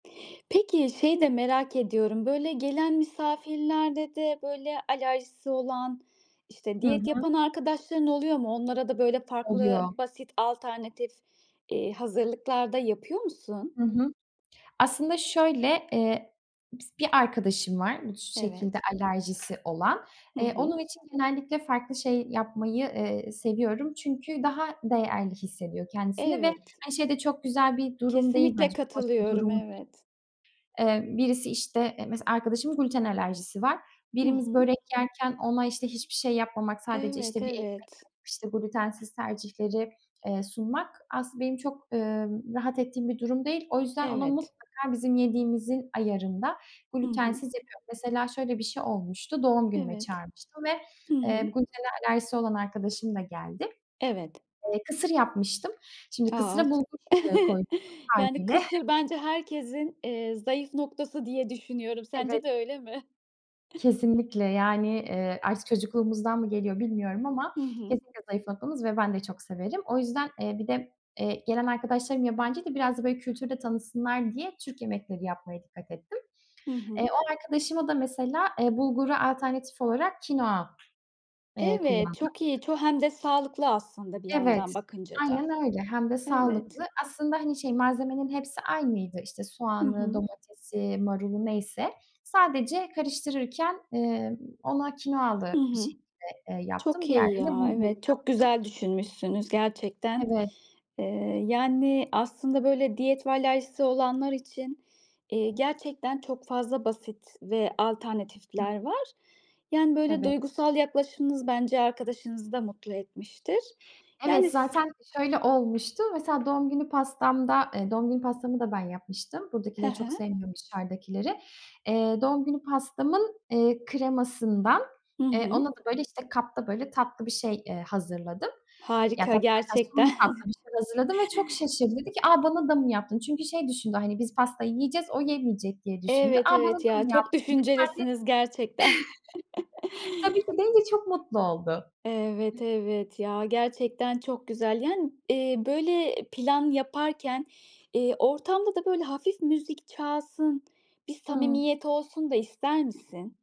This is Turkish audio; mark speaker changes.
Speaker 1: Peki, şeyi de merak ediyorum, böyle gelen misafirlerde de böyle alerjisi olan, işte
Speaker 2: Hı
Speaker 1: diyet
Speaker 2: hı.
Speaker 1: yapan arkadaşların oluyor mu? Onlara da böyle farklı
Speaker 2: Oluyor.
Speaker 1: basit alternatif, eee, hazırlıklar da yapıyor musun?
Speaker 2: Hı hı. Aslında şöyle, iii, bis bir arkadaşım var, bu şekilde
Speaker 1: Evet.
Speaker 2: alerjisi olan.
Speaker 1: Hı
Speaker 2: Eee, onun
Speaker 1: hı.
Speaker 2: için genellikle farklı şey yapmayı, eee, seviyorum. Çünkü daha değerli hissediyor kendisini ve
Speaker 1: Evet.
Speaker 2: hani şey de çok güzel bir durum değil
Speaker 1: Kesinlikle
Speaker 2: bence, çok hoş bir
Speaker 1: katılıyorum.
Speaker 2: durum değil.
Speaker 1: Evet.
Speaker 2: Eee, birisi işte, eee, mesela arkadaşımın gluten alerjisi var.
Speaker 1: Hı
Speaker 2: Birimiz
Speaker 1: hı.
Speaker 2: börek yerken ona işte hiçbir şey yapmamak, sadece
Speaker 1: Evet,
Speaker 2: işte bir ekmek
Speaker 1: evet.
Speaker 2: alıp, işte glutensiz tercihleri, eee, sunmak aslında benim çok, eee, rahat ettiğim bir durum değil. O yüzden ona
Speaker 1: Evet.
Speaker 2: mutlaka bizim yediğimizin ayarında,
Speaker 1: Hı hı.
Speaker 2: glutensiz yapıyorum. Mesela şöyle bir şey olmuştu, doğum günüme
Speaker 1: Evet.
Speaker 2: çağırmıştım ve,
Speaker 1: Hı
Speaker 2: eee,
Speaker 1: hı.
Speaker 2: glutene alerjisi olan hı.arkadaşım da geldi.
Speaker 1: Evet.
Speaker 2: Eee, kısır yapmıştım. Şimdi
Speaker 1: A!
Speaker 2: kısıra
Speaker 1: Ç
Speaker 2: bulgur, ııı, koydum
Speaker 1: Yani
Speaker 2: hâliyle.
Speaker 1: kısır bence herkesin, eee, zayıf noktası diye düşünüyorum.
Speaker 2: Evet.
Speaker 1: Sence de öyle mi?
Speaker 2: Kesinlikle! Yani, eee, artık çocukluğumuzdan mı geliyor bilmiyorum ama
Speaker 1: Hı hı.
Speaker 2: kesinlikle zayıf noktamız ve ben de çok severim. O yüzden, eee, bir de, eee, gelen arkadaşlarım yabancıydı. Biraz da böyle kültürü de tanısınlar diye Türk yemekleri yapmaya dikkat ettim.
Speaker 1: Hı
Speaker 2: Eee,
Speaker 1: hı.
Speaker 2: o arkadaşıma da mesela, eee, bulgura alternatif olarak kinoa, eee,
Speaker 1: Evet,
Speaker 2: kullandım.
Speaker 1: çok iyi! Ço hem de sağlıklı aslında bir yandan
Speaker 2: Evet,
Speaker 1: bakınca da.
Speaker 2: aynen öyle. Hem de
Speaker 1: Evet.
Speaker 2: sağlıklı. Aslında hani şey, malzemenin hepsi aynıydı. İşte
Speaker 1: Hı
Speaker 2: soğanı,
Speaker 1: hı.
Speaker 2: domatesi, marulu neyse. Sadece karıştırırken, ımm, ona
Speaker 1: Hı
Speaker 2: kinoalı bir
Speaker 1: hı.
Speaker 2: şekilde, eee, yaptım.
Speaker 1: Çok iyi
Speaker 2: Diğerlerini de
Speaker 1: ya.
Speaker 2: bulgurlu
Speaker 1: Evet, çok
Speaker 2: yaptım.
Speaker 1: güzel düşünmüşsünüz gerçekten.
Speaker 2: Evet.
Speaker 1: Eee, yani aslında böyle diyet ve alerjisi olanlar için, iii, gerçekten çok fazla basit ve
Speaker 2: Hı hı.
Speaker 1: alternatifler var. Yani böyle
Speaker 2: Evet.
Speaker 1: duygusal yaklaşımınız bence arkadaşınızı da mutlu etmiştir.
Speaker 2: Evet,
Speaker 1: Yani s
Speaker 2: zaten şöyle olmuştu. Mesela doğum günü pastamda, eee doğum günü pastamı da ben yapmıştım.
Speaker 1: Hı
Speaker 2: Buradakileri çok
Speaker 1: hı.
Speaker 2: sevmiyorum, dışarıdakileri. Eee, doğum günü pastamın, eee, kremasından,
Speaker 1: Hı
Speaker 2: eee,
Speaker 1: hı.
Speaker 2: ona da böyle işte kapta böyle tatlı bir şey, eee, hazırladım. Ya,
Speaker 1: Harika!
Speaker 2: tatlı derken son bir
Speaker 1: Gerçekten.
Speaker 2: tatlı bir şeyler hazırladım ve çok şaşırdı. Dedi ki, "a, bana da mı yaptın?" Çünkü şey düşündü, hani biz pastayı yiyeceğiz, o yemeyecek diye düşündü. "A,
Speaker 1: Evet,
Speaker 2: bana
Speaker 1: evet.
Speaker 2: da
Speaker 1: Ya
Speaker 2: mı
Speaker 1: çok
Speaker 2: yaptın?" dedi. Ben de
Speaker 1: düşüncelisiniz gerçekten.
Speaker 2: Tabii ki deyince çok mutlu oldu.
Speaker 1: Evet, evet ya. Gerçekten çok güzel! Yani, eee, böyle, eee, plan yaparken, eee, ortamda da böyle hafif müzik çalsın, bir
Speaker 2: Hıı.
Speaker 1: samimiyet olsun da ister misin?